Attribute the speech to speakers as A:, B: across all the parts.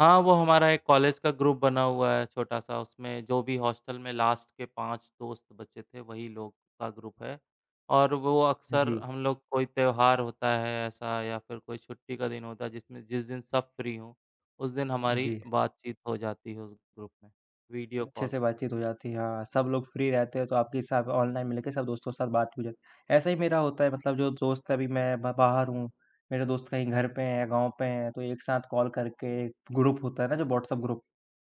A: हाँ, वो हमारा एक कॉलेज का ग्रुप बना हुआ है छोटा-सा, उसमें जो भी हॉस्टल में लास्ट के 5 दोस्त बचे थे, वही लोग का ग्रुप है। और वो अक्सर
B: जी।
A: हम लोग कोई त्योहार होता है ऐसा या फिर कोई छुट्टी का दिन होता है, जिसमें जिस दिन सब फ्री हों, उस दिन हमारी
B: जी।
A: बातचीत हो जाती है उस ग्रुप में वीडियो
B: अच्छे
A: कॉल
B: से
A: करके।
B: बातचीत हो जाती है, हाँ, सब लोग फ्री रहते हैं, तो आपके हिसाब ऑनलाइन में लेके सब दोस्तों के साथ बात हो जा ऐसा ही मेरा होता है मतलब जो दोस्त अभी मैं मैं बाहर हूँ, मेरे दोस्त कहीं घर पे हैं, गाँव पे हैं, तो एक साथ कॉल करके ग्रुप होता है ना जो व्हाट्सएप ग्रुप,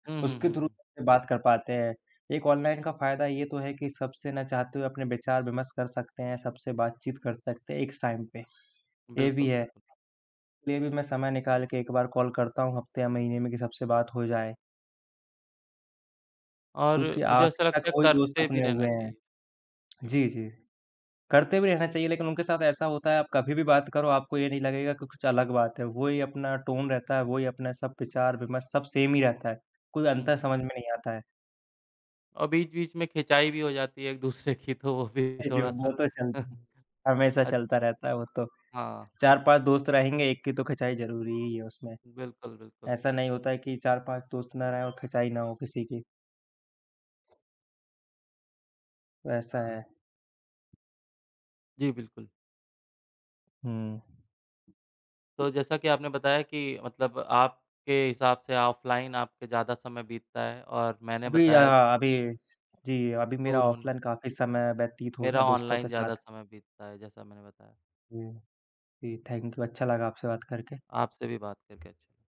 A: हुँ, हुँ,
B: उसके
A: हुँ,
B: थ्रू
A: हुँ।
B: बात कर पाते हैं। एक ऑनलाइन का फायदा ये तो है कि सबसे ना चाहते हुए अपने विचार-विमर्श कर सकते हैं, सबसे बातचीत कर सकते हैं एक स टाइम पे। ये भी
A: बिल्कुल,
B: है,
A: बिल्कुल।
B: ले भी मैं समय निकाल के एक बार कॉल करता हूँ हफ्ते या महीने में कि सबसे बात हो जाए।
A: और
B: क्योंकि
A: मुझे ऐसा
B: आखिर तक
A: लगता है,
B: वही दोस्त
A: करते भी
B: अपने
A: रहना
B: हुए हैं।
A: चाहिए।
B: जी, जी, करते भी रहना चाहिए लेकिन उनके साथ ऐसा होता है आप कभी भी बात करो आपको ये नहीं लगेगा कि कुछ अलग बात है, वही अपना टोन रहता है, वही अपना सब विचार-विमर्श सब सेम ही रहता है, कोई
A: हुँ,
B: अंतर
A: हुँ।
B: समझ में नहीं आता है।
A: अ, बीच-बीच में खिंचाई भी हो जाती है एक दूसरे की तो वो भी
B: ए, जी,
A: थोड़ा-सा
B: वो तो चलती, हमेशा
A: अच्छ
B: चलता रहता है वो तो,
A: हाँ।
B: 4-5 दोस्त रहेंगे, एक की तो खिंचाई ज़रूरी ही है उसमें।
A: बिल्कुल, बिल्कुल।
B: ऐसा नहीं होता है कि 4-5 दोस्त ना रहें और खिंचाई ना हो किसी की। वैसा है।
A: जी, बिल्कुल।
B: हुँ।
A: तो जैसा कि आपने बताया कि मतलब आपके हिसाब से ऑफलाइन आपके ज़्यादा समय बीतता है, और मैंने
B: अभी अ
A: बताया
B: अ, अभी स जी, अभी मेरा
A: दूर होना
B: ऑफलाइन काफ़ी समय व्यतीत हो रहा
A: मेरा
B: है दोस्तों
A: ऑनलाइन
B: के
A: ज़्यादा
B: साथ।
A: समय बीतता है, जैसा मैंने बताया।
B: जी, जी, थैंक यू, अच्छा लगा आपसे बात करके।
A: आपसे भी बात करके अच्छा लगा।